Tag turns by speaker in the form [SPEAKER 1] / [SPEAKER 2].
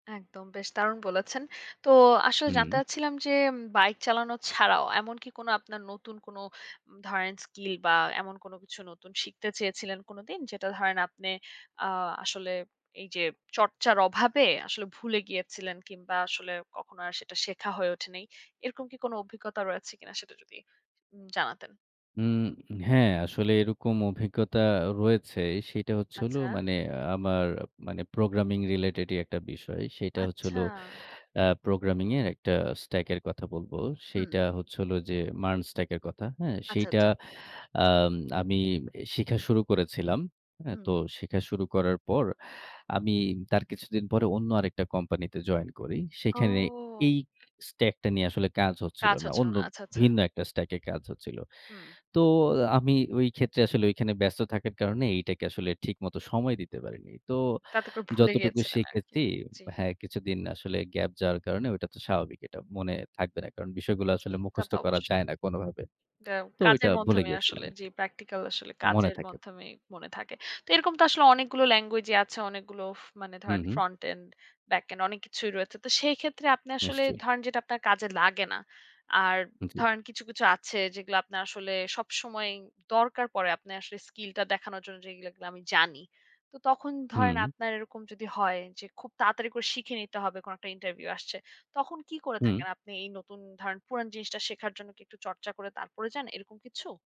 [SPEAKER 1] একদম বেশ দারুণ বলেছেন। তো আসলে জানতে
[SPEAKER 2] হু।
[SPEAKER 1] চাচ্ছিলাম যে বাইক চালানো ছাড়াও এমনকি কোনো আপনার নতুন কোনো ধরেন স্কিল বা এমন কোনো কিছু নতুন শিখতে চেয়েছিলেন কোনোদিন? যেটা ধরেন আপনে আ আসলে এইযে চর্চার অভাবে আসলে ভুলে গিয়েছিলেন কিংবা আসলে কখনো আর সেটা শেখা হয়ে ওঠে নাই। এরকম কি কোনো অভিজ্ঞতা রয়েছে কিনা সেটা যদি উম জানাতেন?
[SPEAKER 2] উম হ্যাঁ, আসলে এরকম অভিজ্ঞতা রয়েছে সেটা হচ্ছে হলো
[SPEAKER 1] আচ্ছা।
[SPEAKER 2] মানে আমার মানে প্রোগ্রামিং রিলেটেডই একটা বিষয়। সেটা হচ্ছে হল
[SPEAKER 1] আচ্ছা।
[SPEAKER 2] অ্যা প্রোগ্রামিং এর একটা স্ট্যাক এর কথা বলব।
[SPEAKER 1] হু।
[SPEAKER 2] সেইটা হচ্ছে হল যে MERN স্ট্যাক এর কথা। হ্যাঁ?
[SPEAKER 1] আচ্ছা,
[SPEAKER 2] সেইটা
[SPEAKER 1] আচ্ছা।
[SPEAKER 2] আম আমি শিখা শুরু করেছিলাম। হ্যাঁ? তো
[SPEAKER 1] হুম।
[SPEAKER 2] শিখা শুরু করার পর আমি তার কিছুদিন পরে অন্য আরেকটা কোম্পানিতে জয়েন করি। সেখানে
[SPEAKER 1] ও।
[SPEAKER 2] এই স্ট্যাকটা নিয়ে আসলে কাজ হচ্ছিল
[SPEAKER 1] আচ্ছা,
[SPEAKER 2] না।
[SPEAKER 1] আচ্ছা,
[SPEAKER 2] অন্য
[SPEAKER 1] আচ্ছা, আচ্ছা।
[SPEAKER 2] ভিন্ন একটা স্ট্যাক এ কাজ হচ্ছিল।
[SPEAKER 1] হুম।
[SPEAKER 2] তো আমি ওই ক্ষেত্রে আসলে ঐখানে ব্যস্ত থাকার কারণে এইটাকে আসলে ঠিকমতো সময় দিতে পারিনি। তো
[SPEAKER 1] তাতে করে ভুলে
[SPEAKER 2] যতটুকু
[SPEAKER 1] গিয়েছিলেন আরকি।
[SPEAKER 2] শিখেছি
[SPEAKER 1] জি।
[SPEAKER 2] হ্যাঁ কিছুদিন আসলে গ্যাপ যাওয়ার কারণে ঐটা তো স্বাভাবিক এটা মনে থাকবে না কারণ বিষয়গুলা
[SPEAKER 1] জি,
[SPEAKER 2] আসলে
[SPEAKER 1] তা
[SPEAKER 2] মুখস্থ
[SPEAKER 1] তো
[SPEAKER 2] করা যায়
[SPEAKER 1] অবশ্যই।
[SPEAKER 2] না কোনোভাবে।
[SPEAKER 1] এটা
[SPEAKER 2] তো ওইটা
[SPEAKER 1] কাজের
[SPEAKER 2] ভুলে
[SPEAKER 1] মাধ্যমেই
[SPEAKER 2] গিয়েছিলাম
[SPEAKER 1] আসলে যে
[SPEAKER 2] আরকি।
[SPEAKER 1] প্র্যাকটিক্যাল আসলে
[SPEAKER 2] মনে
[SPEAKER 1] কাজের
[SPEAKER 2] থাকে।
[SPEAKER 1] মাধ্যমেই মনে থাকে। তো এরকম তো আসলে অনেকগুলো ল্যাঙ্গুয়েজই আছে। অনেকগুলো ফ মানে
[SPEAKER 2] হু,
[SPEAKER 1] ধরেন
[SPEAKER 2] হু।
[SPEAKER 1] ফ্রন্ট এন্ড, ব্যাক এন্ড অনেক কিছুই রয়েছে। তো সেই ক্ষেত্রে আপনি আসলে
[SPEAKER 2] নিশ্চয়ই।
[SPEAKER 1] ধরেন যেটা আপনার কাজে লাগে না। আর
[SPEAKER 2] জ্বী।
[SPEAKER 1] ধরেন কিছু, কিছু আছে যেগুলো আপনার আসলে সবসময়ই দরকার পড়ে আপনে আসলে স্কিলটা দেখানোর জন্য যেগুলো এগুলো আমি জানি। তো তখন ধরেন
[SPEAKER 2] হুম।
[SPEAKER 1] আপনার এরকম যদি হয় যে খুব তাড়াতাড়ি করে শিখে নিতে হবে কোনো একটা ইন্টারভিউ আসছে। তখন কি করে
[SPEAKER 2] হু।
[SPEAKER 1] থাকেন আপনি এই নতুন ধরেন পুরান জিনিসটা শেখার জন্য কি একটু চর্চা করে তারপরে যান এরকম কিছু?